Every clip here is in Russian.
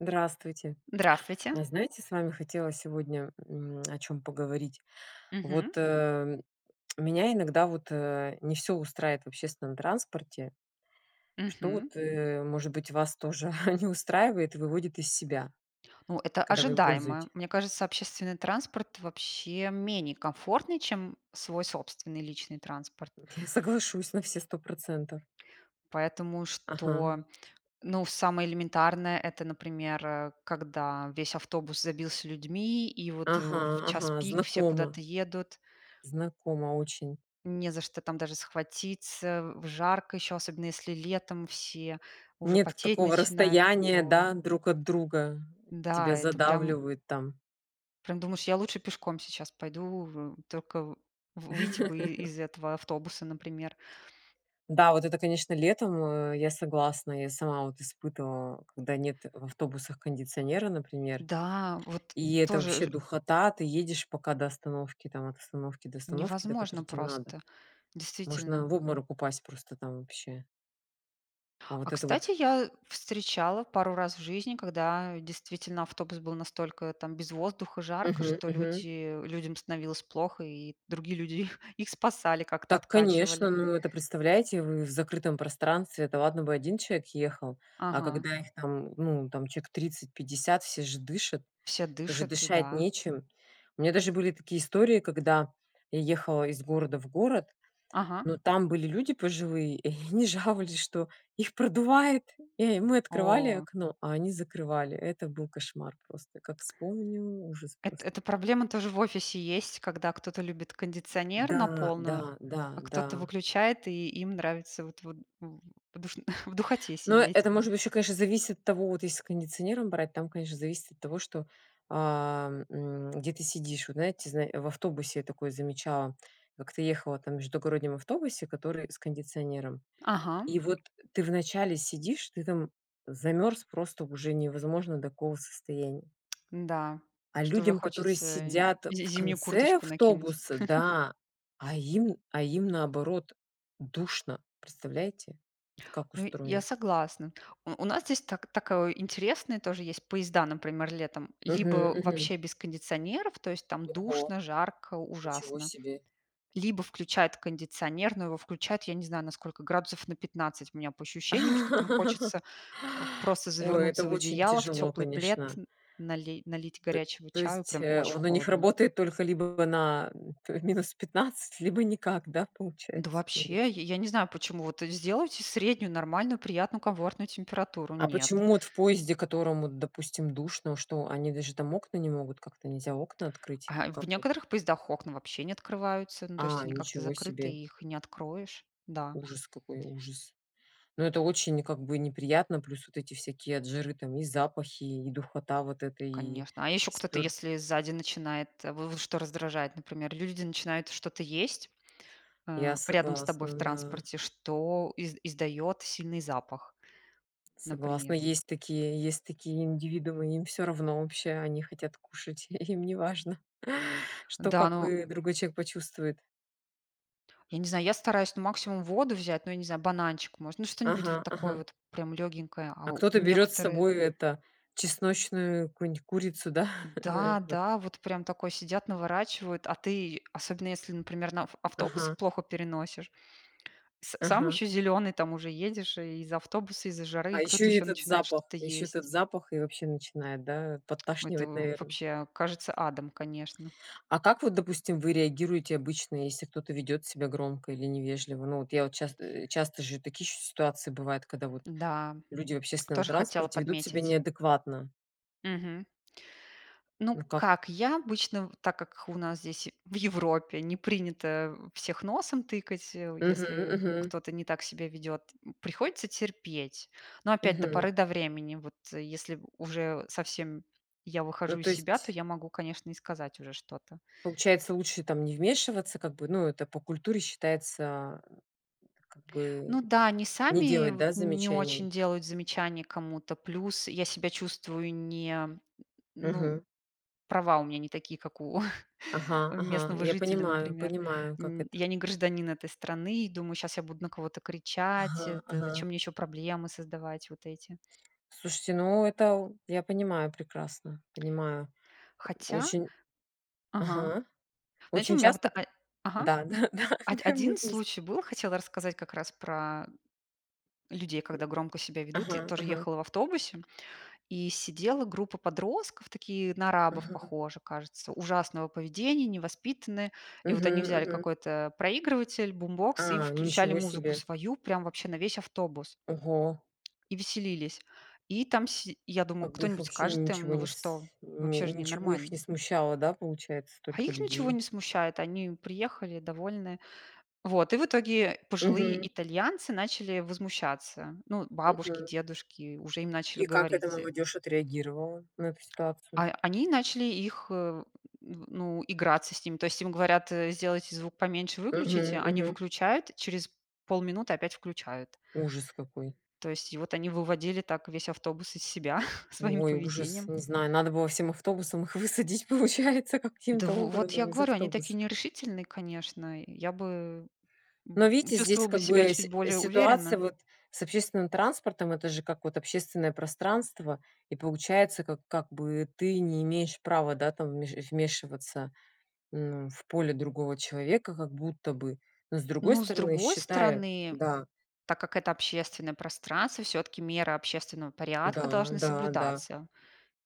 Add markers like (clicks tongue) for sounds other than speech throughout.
Здравствуйте! Здравствуйте! А знаете с вами хотела сегодня, м, а, о чём поговорить. Вот, Мгм. э, меня иногда вот, э, не всё устраивает в общественном транспорте. Что Мгм. вот, э, может быть вас тоже (chuckles) не устраивает и выводит из себя, Ну, это когда вы им ожидаемо. пользуете? Мне кажется, общественный транспорт вообще менее комфортный, чем свой собственный личный транспорт. Я соглашусь на все 100 %. Поэтому что, Ага. ну, самое элементарное это, например, э, когда весь автобус забился людьми, и вот, э, Ага, в час ага, пик все знакомо. куда-то едут. Знакомо очень. Не за что там даже схватиться, в жарко еще, особенно если летом все уже Нет т потеть такого начинают. расстояния, Ой! да, друг от друга, Да, тебя это прям задавливают там. прям думаешь, я лучше пешком сейчас пойду, в только в выйти бы и (chuckles) из этого автобуса, например. Да, вот это конечно летом, э, я согласна. Я сама вот испытывала, когда нет в автобусах кондиционера, например, Да, вот и это тоже вообще ж духота. Ты едешь пока до остановки, там от остановки до остановки, до которой невозможно те надо. просто, действительно. Можно в обморок упасть просто там вообще. А А вот это кстати, вот я встречала пару раз в жизни, когда действительно автобус был настолько там без воздуха, жарко, Мгм, что мгм. люди людям становилось плохо, и другие люди их (chuckles) их спасали, как-то Так конечно, откачивали. ну это представляете вы в закрытом пространстве. Это ладно бы 1 человек ехал, а Ага. когда их там ну там человек 30-50 все же дышат, Все это же дышат, дышать да. нечем. У меня даже были такие истории когда я ехала из города в город, Ага. но там были люди пожилые, и они жаловались, что их продувает. И мы открывали О. окно, а они закрывали. Это был кошмар просто, как вспомню ужас Эт просто. это проблема тоже в офисе есть, когда кто-то любит кондиционер на Да, полную, да, да, а кто-то да. выключает и им нравится вот вот в в душно (chuckles) в духоте Но сидеть. это может быть ещё конечно зависит от того. Вот если с кондиционером брать, там конечно зависит от того что, а, м, где ты сидишь. Вот знаете, зна в автобусе такое замечала. Как-то ехала там в междугороднем автобусе, который с кондиционером, Ага. и вот ты вначале сидишь, ты там замерз просто уже невозможно до какого состояния. Да, А что уже людям, которые хочется, э, сидят з в зимнюю конце курточку накинуть. автобуса, (chuckles) да, а, им, а им наоборот душно, представляете, вот как Ну я устроено? согласна. У у нас здесь так такое интересные тоже есть поезда, например, летом. Мгм, Либо мгм. вообще без кондиционеров, то есть, там Ого. душно, жарко, Ничего ужасно, себе. либо включают кондиционер, но его включают, я не знаю, насколько градусов на 15 у меня по ощущениям, что там (laughs) хочется просто Ой, это завернуться в очень одеяло, в тяжело, теплый плед, конечно. нали налить Т горячего то чаю, есть, прям э, очень он у них холодно. работает только либо на, а, -15, либо никак, да, Да получается кондиц вообще, я я не знаю, почему. Вот сделайте среднюю, нормальную, приятную, комфортную температуру. А Нет. почему вот в поезде, в котором вот допустим, душно, что они даже там окна не могут, как-то нельзя окна открыть, А в как вот? некоторых поездах окна вообще не открываются, ну то есть А, они как-то ничего закрыты, себе. и их не откроешь. Да. Ужас какой, ужас! Но это очень как бы неприятно, плюс вот эти всякие от жары там и запахи, и духота вот эта, и Конечно. А еще кто-то, спёр если сзади начинает, в в что раздражает, например, люди начинают что-то есть, Я э, рядом с тобой согласна, в да. транспорте, что из издает сильный запах, Согласна. например. Есть такие, есть такие индивидуумы, им всё равно вообще они хотят кушать, (chuckles) им неважно, что Да, как ну бы другой человек почувствует. Я не знаю, я стараюсь ну максимум воду взять, но я не знаю, бананчик может, ну что-нибудь вот Ага, такое ага. вот прям лёгенькое, а А у кто-то берёт с некоторые собой эта, чесночную какую нить курицу да? (chuckles) Ну и вот. Да-да, вот прям такой сидят наворачивают, а ты, особенно если, например, на ав автобусы Ага. плохо переносишь, с сам Ага. еще зеленый, там уже едешь и из-за автобуса, из-за жары, А и еще кто-то и ещё этот начинает запах, что-то еще есть. этот запах и вообще начинает, да, Это подташнивать, в наверно? вообще кажется адом, конечно. А как вот, допустим, вы реагируете обычно, если кто-то ведет себя громко или невежливо? Ну вот я, вот часто, э, часто же такие еще ситуации бывают, когда вот Да, люди в общественном тоже хотела транспорте ведут себя подметить. неадекватно. Мгм. Ну, Ну как. как, я обычно, в так как у нас здесь в Европе не принято всех носом тыкать, э, у Мгм, если мгм. кто-то не так себя ведет. Приходится терпеть. Но опять до Мгм. поры до времени. Вот если уже совсем я Ну выхожу из то себя, то есть. я могу, конечно, и сказать уже что-то. Получается лучше там не вмешиваться, как бы. Ну это по культуре считается, а, как бы Ну да, они не сами делать, вот да, не очень замечаний? делают замечание кому-то. Плюс я себя чувствую не, ну, Мгм. права у меня не такие, как у (chuckles) Ага, ага, местного я жителя, понимаю, например. понимаю, как Н это. я не гражданин этой страны и думаю, сейчас я буду на кого-то кричать, Ага, это ага. зачем мне еще проблемы создавать вот эти. Слушайте, ну это, у, я понимаю прекрасно, понимаю, Хотя, очень. ага, Ага. знаете, у Очень меня вот часто а, п ага да да да, од (chuckles) прям мы один вместе. случай был, хотела рассказать как раз про людей, когда громко себя ведут. Ага, Тоже ага. ехала в автобусе, и сидела группа подростков, такие на арабов Мгм. похожи, кажется, ужасного поведения, невоспитанные. И вот они Мгм, взяли мгм. какой-то, э, проигрыватель, бумбокс и А, включали ничего музыку себе. свою, прям вообще на весь автобус Ого. и веселились. И там си я думаю, Как бы их кто-нибудь вообще скажет им: ничего "Ну, не вы с что?" н Вообще же не ничего их нормально. не смущало, да, получается, А столько их ничего людей? не смущает, они приехали довольны. Вот, и в итоге пожилые Мгм. итальянцы начали возмущаться. Ну, бабушки, Мгм. дедушки уже им начали И как эта говорить, э. молодежь отреагировала на эту ситуацию? А они начали их, э, ну, играться с ними. То есть, им говорят: "Сделайте звук поменьше, выключите". Мгм, Они мгм. выключают, через полминуты опять включают. Ужас какой! То есть, и вот они выводили так весь автобус из себя (chuckles) своим Ой, ужас, поведением. не знаю, надо было всем автобусом их высадить, получается Да в каким-то в вот я образом из говорю, они такие автобуса. нерешительные, конечно. Я бы, Но м, видите здесь чувствовала бы как себя бы чуть сь более ситуация уверенно. вот с общественным транспортом. Это же как вот общественное пространство и получается как как бы ты не имеешь права, да, там вмеш э, вмешиваться, м, в поле другого человека, как будто бы. Но с другой Ну, с стороны, другой считай, стороны, да. так как это общественное пространство, всё-таки меры общественного порядка Да, должны да, да. соблюдаться.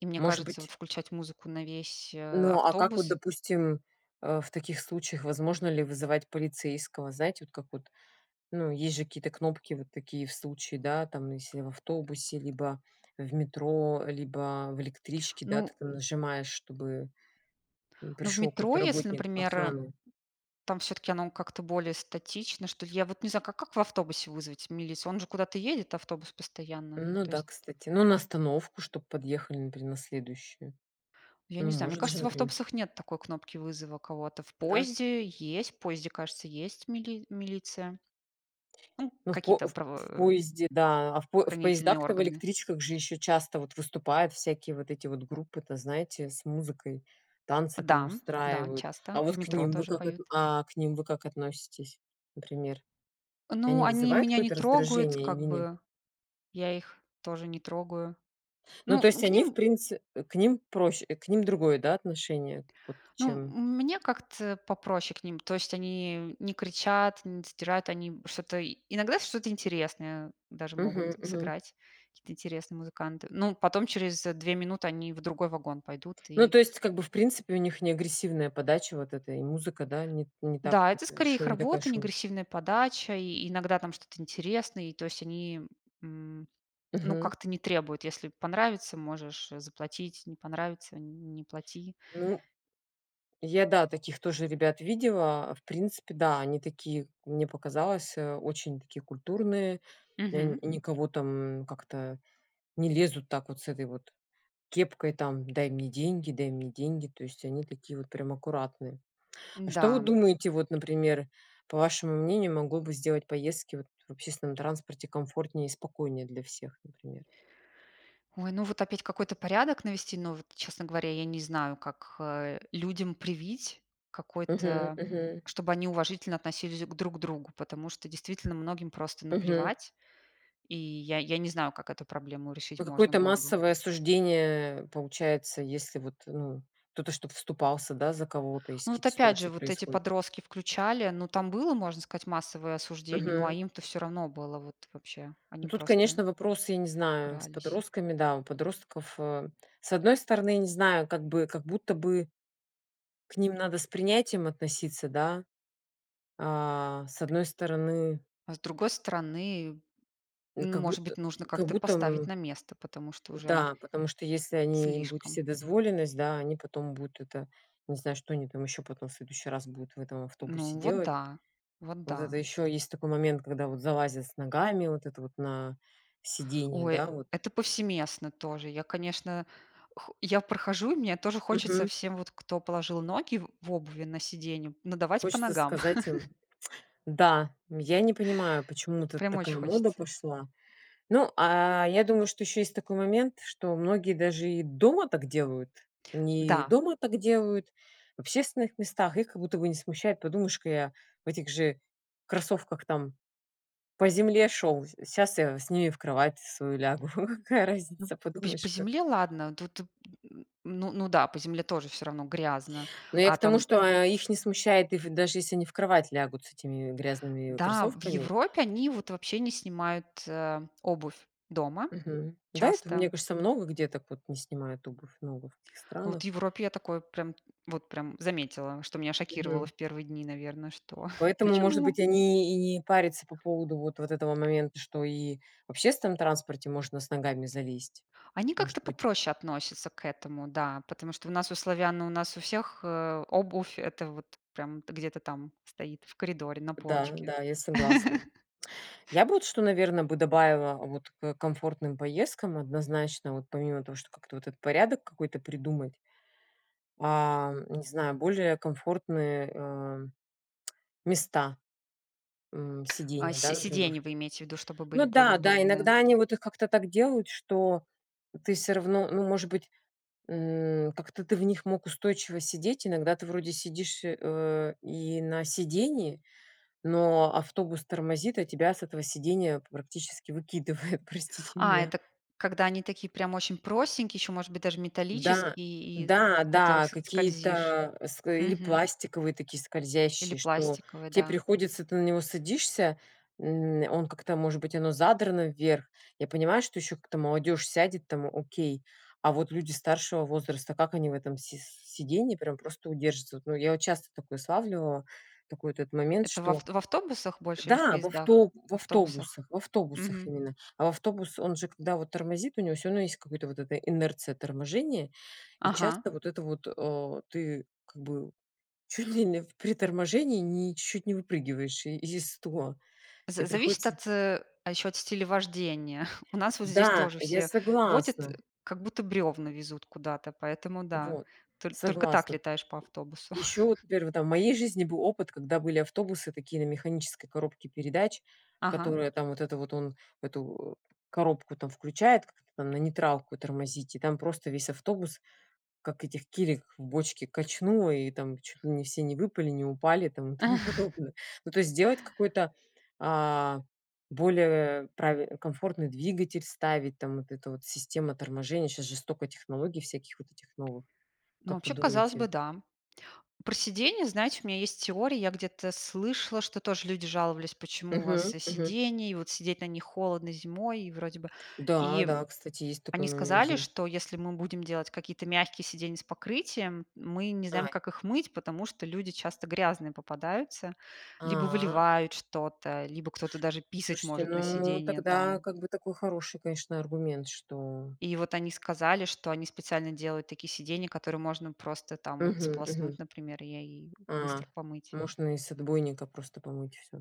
И мне Может кажется, вот быть включать музыку на весь, э, Ну а как вот автобус. допустим, а, в таких случаях, возможно ли вызывать полицейского? Знаете вот как вот, ну есть же какие-то кнопки вот такие в случае, да, там если в автобусе, либо в метро, либо в электричке, да, ты Ну там нажимаешь чтобы, м, ну, в пришел какой-то метро, если, работник например, охраны. там всё-таки оно как-то более статично, что ли, я вот не знаю, ка как в автобусе вызвать милицию, он же куда-то едет автобус постоянно Ну то да, есть. кстати. Ну на остановку чтобы подъехали, например, на следующую. Я не Ну знаю, мне может же, кажется, в например автобусах нет такой кнопки вызова кого-то. В Да. поезде есть, в поезде, кажется, есть мили милиция ну Ну в по какие-то в правоо поезде, да, а, в по в хранительные поездах-то в органы. электричках же еще часто вот выступают всякие, вот эти вот группы то, знаете, с музыкой. Танцы там Да, да, устраивают. А часто. В вот к метро ним вы тоже как отн поют. а, к ним вы как относитесь? Например, они Ну, они вызывают меня не какое-то трогают, раздражение или как нет? бы я их тоже не трогаю. Ну Ну, то ну есть к они в ним принци к ним проще, к ним другое, да, отношение вот ну, чем мне как-то попроще к ним. То есть, они не кричат, не сдирают, они что-то. Иногда что-то интересное даже могут Мгм, мгм. сыграть, какие-то интересные музыканты, но потом через 2 минуты они в другой вагон пойдут Ну и то есть как бы в принципе у них не агрессивная подача вот эта и музыка, да, ни т не Да, так это скорее их шум не такая работа, не шум агрессивная подача, и иногда там что-то интересное, и то есть, они, м, ну Мгм. как-то не требуют. Если понравится можешь заплатить, не понравится не плати. Ну. Я, да, таких тоже ребят видела. А в принципе, да они такие, мне показалось, э, очень такие культурные, э, н Мгм. никого там, как это, не лезут так вот с этой вот кепкой, там: "Дай мне деньги, дай мне деньги". То есть они такие вот прям аккуратные. А что вы Да. думаете вот например, по вашему мнению, могло бы сделать поездки вот в общественном транспорте комфортнее и спокойнее для всех, например? Ой, ну вот опять какой-то порядок навести, но вот, честно говоря, я не знаю, как, э, людям привить, Мгм, какой-то мгм. чтобы они уважительно относились к друг другу. Потому что, действительно, многим просто Мгм. наплевать, и я я не знаю, как эту проблему решить А можно какое-то было бы. массовое осуждение получается, если вот ну кто-то, чтобы вступался, да, за кого-то, если Ну вот какие-то опять ситуации же вот эти происходят. подростки включали, ну там было, можно сказать, массовое осуждение, ну а Мгм. им-то всё равно было вот вообще. Ну Они тут просто конечно вопросы я не знаю с игрались. подростками, да. У подростков, э, с одной стороны, я не знаю как бы, как будто бы к ним надо с принятием относиться да? А, с одной стороны А с другой стороны, н как может будто, быть, нужно как как-то будто поставить м на место, потому что уже да, потому что если они им будут слишком. вседозволенность, да, они потом будут это, не знаю, что они там еще потом в следующий раз будут в этом автобусе Ну вот делать. да, вот Вот это да. еще есть такой момент, когда вот залазят с ногами, вот это вот на сидение, Ой, да вот. это повсеместно тоже. Я, конечно, х я прохожу, и мне тоже хочется Мгм. всем, вот кто положил ноги в в обуви на сиденье, надавать по Хочется ногам. сказать им, (chuckles) (tsk) да. Я не понимаю, почему тут Прям очень такая мода хочется. пошла. Ну, а, я думаю что еще есть такой момент, что многие даже и дома так делают. Они и Да. дома так делают, в общественных местах, их как будто бы не смущает. Подумаешь-ка я в этих же кроссовках там по земле шел, щас я с ними в кровать свою лягу. (chuckles) Какая М, разница, п по подумаешь-ка. земле ладно, вот т тут ну да, по земле тоже всё равно грязно. Но я А к тому, там что, а, их не смущает их даже если они в кровать лягут с этими грязными Да, в кроссовками. Европе они вот вообще не снимают, а, обувь дома. Мгм. Да, это мне Часто. кажется, много где так вот не снимают обувь, много в каких Ну, вот в странах. Европе я такое прям, вот прям заметила, что меня шокировало Мгм. в 1 дни, наверно, что (chuckles) Поэтому, может быть, почему? они и не парятся по поводу вот вот этого момента, что и в общественном транспорте можно с ногами залезть. Они Может как-то быть. попроще относятся к этому, да, потому что у нас у славян, у нас у всех, э, обувь это вот прям где-то там стоит в коридоре на Да, полочке. да, я согласна. (tsk) (chuckles) Я бы вот что, наверно, бы добавила вот к комфортным поездкам однозначно, вот помимо того, что вот как-то этот порядок какой-то придумать. А, не знаю, более комфортные, э, (clicks tongue) места, м, А сидения, да, сь например. сиденья вы имеете ввиду, чтобы Ну были более да, да. удобные. Иногда они вот их как-то так делают, что ты всё-равно, ну может быть, м, как то ты в них мог устойчиво сидеть. Иногда ты вроде сидишь, э, и на сидении, но автобус тормозит, а тебя с этого сидения практически выкидывает, простите А, меня. это когда они такие прям очень простенькие, еще может быть даже Да, металлические и, да, в которых да с скользишь, какие-то, а, с или мгм. пластиковые такие Или скользящие, что пластиковые, те да. приходится ты на него садишься, м, он как-то может быть оно задрано вверх. Я понимаю, что еще как-то молодежь сядет там окей, а вот люди старшего возраста, как они в этом си с сиденье прямо просто удержатся вот. Ну я вот часто такое славливала, такой вот это момент, Это в что авт в автобусах больше или в да, в поездах? авто в В автобусах. автобусах, в автобусах Мгм. именно. А в автобус, он же, когда вот тормозит, у него всё равно есть какая-то вот это инерция торможения, и Ага. часто вот это вот, э, ты как бы чуть ли не в при торможении н ни чуть-чуть не выпрыгиваешь из стула. За Тебе зависит приходится от, а, еще от стиля вождения. (chuckles) У нас вот здесь Да, тоже я все водят, согласна. как будто бревна везут куда-то, поэтому да, Вот, толь только так согласна. летаешь по автобусу. Еще вот (chuckles) например там вот в моей жизни был опыт, когда были автобусы такие на механической коробке передач. Ага. Которые там вот, это вот он эту, э, коробку там включает, как-то там на нейтралку тормозить и там просто весь автобус, как этих килек в бочке качнуло и там чуть ли не все не выпали, не упали и том тому (chuckles) (chuckles) подобное. Ну то есть сделать какой-то, а, более прави комфортный двигатель, ставить там вот эта вот система торможения. Щас же столько технологий всяких вот этих новых. Ну Как вы вообще, казалось бы, думаете? да. Про сидения, знаете, у меня есть теория. Я где-то слышала, что тоже люди жаловались, почему у Мгм, вас, э, мгм. сидение, и вот сидеть на них холодно зимой, и вроде бы. Да, И да, кстати есть такой они момент сказали, зим что если мы будем делать какие-то мягкие сиденья с покрытием, мы не знаем, Ай. как их мыть, потому что люди часто грязные попадаются, либо А. выливают что-то, либо кто-то даже писать Слушайте, может на ну сидение тогда там. как бы такой хороший, конечно, аргумент что И вот они сказали, что они специально делают такие сиденья, которые можно просто там вот Мгм, мгм. сполоснуть, например, я е и А, быстро помыть. можно и с отбойника просто помыть всё.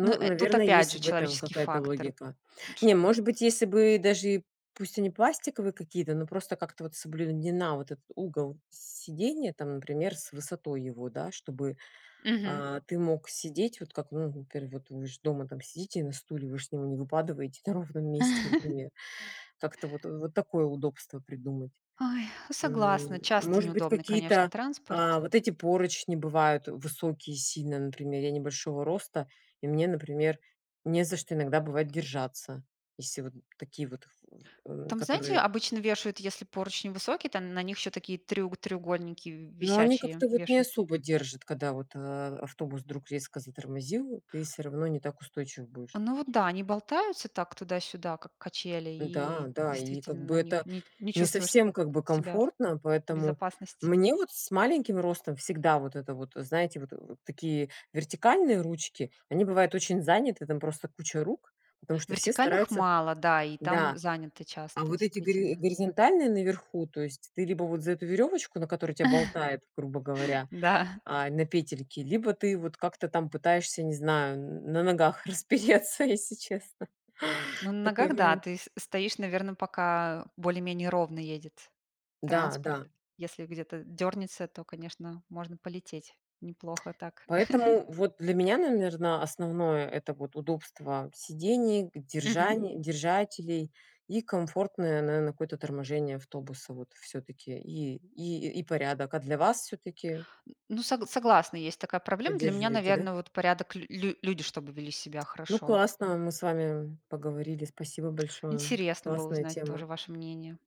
Ну, э, тут наверно опять есть же в этом человеческий какая-то фактор, логика. ш Не может быть если бы даже и пусть они пластиковые какие-то, но просто как-то вот соблюдена вот этот угол сидения там, например, с высотой его да, чтобы, Мгм. а, ты мог сидеть, вот как, ну например, вы ж дома сидите на стуле, вы же с него не выпадываете на ровном месте, (chuckles) например. Как-то вот вот такое удобство придумать. Ой, согласна, М, часто может быть, неудобный, конечно, какие-то, транспорт. а, вот эти поручни бывают высокие сильно, например, я небольшого роста и мне, например, не за что иногда бывает держаться, если вот такие вот, в в Там, знаете, которые обычно вешают, если поручни высокие, там на них еще такие тре треугольники в Но они висячие как-то вот не вешают. особо держат, когда вот, а, автобус вдруг резко затормозил, ты всё равно не так устойчив будешь. Ну вот да, они болтаются так туда-сюда, как качели, Н-да, и да. И как действительно бы на них это, н не не чувствуешь совсем как бы себя комфортно, в поэтому безопасности. мне вот с маленьким ростом всегда вот это вот, знаете, вот, э, такие вертикальные ручки, они бывают очень заняты, там просто куча рук, потому что все Вертикальных стараются мало, да, и там да. заняты А часто, вот эти гори действительно. горизонтальные наверху, то есть ты либо вот за эту веревочку, на которой тебя болтает, грубо (chuckles) говоря, Да. а, на петельке, либо ты вот как-то там пытаешься, не знаю, н на ногах распереться, если честно, Ну на такой ногах, да, момент. ты с стоишь, наверно, пока более-менее ровно едет Да, транспорт. да. Если где-то дернется, то, конечно, можно полететь (clicks tongue) неплохо так. (giggles) Поэтому вот для меня, наверно, основное это вот удобство сидений, г Мгм. держаней держателей и комфортное, наверно, какое-то торможение автобуса вот всё-таки и и и порядок. А для вас всё-таки Ну, сог согласна, есть такая проблема. Для меня, Поддерживаете, да? наверно, вот порядок, лю лю люди чтобы вели себя Ну хорошо. классно мы с вами, м, поговорили, спасибо большое, Интересно было классная узнать тема. тоже ваше мнение.